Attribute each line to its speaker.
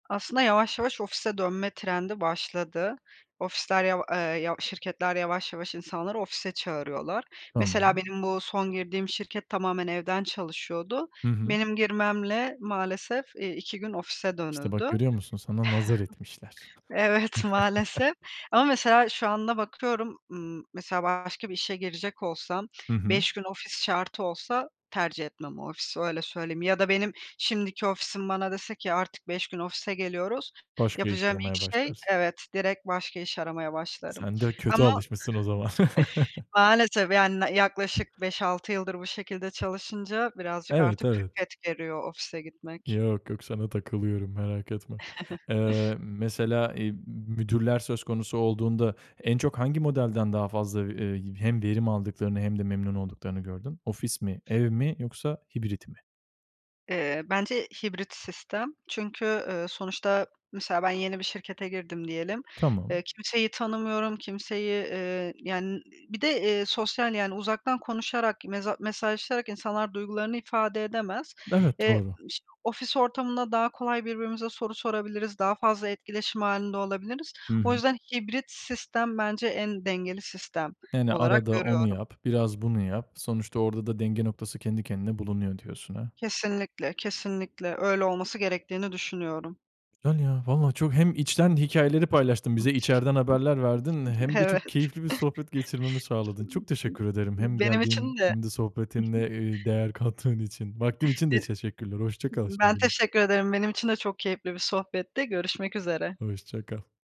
Speaker 1: Aslında, yavaş, yavaş ofise dönme trendi başladı. Ofisler, yav eee, yav şirketler, yavaş, yavaş insanları ofise çağırıyorlar. Mesela
Speaker 2: Tamam.
Speaker 1: benim bu son girdiğim şirket tamamen evden çalışıyordu.
Speaker 2: Hı hı.
Speaker 1: Benim girmemle maalesef, eee, 2 gün ofise
Speaker 2: İşte, bak
Speaker 1: dönüldü.
Speaker 2: görüyor musun? Sana nazar etmişler.
Speaker 1: Evet, maalesef ama mesela şu anda bakıyorum, ımm, mesela, başka bir işe girecek olsam,
Speaker 2: Hı hı.
Speaker 1: 5 gün ofis şartı olsa tercih etmem o ofisi, öyle söyleyeyim. Ya da benim şimdiki ofisim bana dese ki "artık 5 gün ofise geliyoruz"
Speaker 2: Başka iş
Speaker 1: yapacağım ilk
Speaker 2: aramaya
Speaker 1: şey,
Speaker 2: başlarsın.
Speaker 1: evet, direkt başka iş aramaya başlarım.
Speaker 2: Sen de kötü
Speaker 1: Ama
Speaker 2: alışmışsın o zaman.
Speaker 1: maalesef, yani, yaklaşık 5-6 yıldır bu şekilde çalışınca birazcık
Speaker 2: Evet,
Speaker 1: artık
Speaker 2: evet.
Speaker 1: külfet geriyor ofise gitmek.
Speaker 2: Yok, yok sana takılıyorum merak etme. Eee, mesela, i mü müdürler söz konusu olduğunda en çok hangi modelden daha fazla v ııı, hem verim aldıklarını hem de memnun olduklarını gördün? Ofis mi, ev mi yoksa hibrit mi?
Speaker 1: Eee, bence hibrit sistem. Çünkü, ııı, sonuçta, mesela, ben yeni bir şirkete girdim diyelim.
Speaker 2: Tamam.
Speaker 1: Eee, kimseyi tanımıyorum, kimseyi, ııı, yani, bir de, ııı, sosyal, yani, uzaktan konuşarak, meza mesajlaşarak insanlar duygularını ifade edemez.
Speaker 2: Evet,
Speaker 1: Eee,
Speaker 2: doğru.
Speaker 1: iş ofis ortamında daha kolay birbirimize soru sorabiliriz, daha fazla etkileşim hâlinde olabiliriz.
Speaker 2: Hı
Speaker 1: O
Speaker 2: hı.
Speaker 1: yüzden hibrit sistem bence en dengeli sistem
Speaker 2: Yani
Speaker 1: olarak
Speaker 2: arada onu
Speaker 1: görüyorum.
Speaker 2: yap, biraz bunu yap. Sonuçta orada da denge noktası kendi kendine bulunuyor diyorsun, ha.
Speaker 1: Kesinlikle, kesinlikle öyle olması gerektiğini düşünüyorum.
Speaker 2: Yani, ya, valla çok hem içten hikâyeleri paylaştın bize içeriden haberler verdin hem de
Speaker 1: Evet.
Speaker 2: çok keyifli bir sohbet geçirmemi sağladın. Çok teşekkür ederim hem
Speaker 1: Benim
Speaker 2: geldiğin
Speaker 1: için de,
Speaker 2: hem de sohbetinle,
Speaker 1: hı hı.
Speaker 2: ııı, değer kattığın için. Vaktin için
Speaker 1: I
Speaker 2: de teşekkürler, hoşça kal
Speaker 1: ben
Speaker 2: şimdilik.
Speaker 1: teşekkür ederim. Benim için de çok keyifli bir sohbetti, görüşmek üzere.
Speaker 2: Hoşça kal.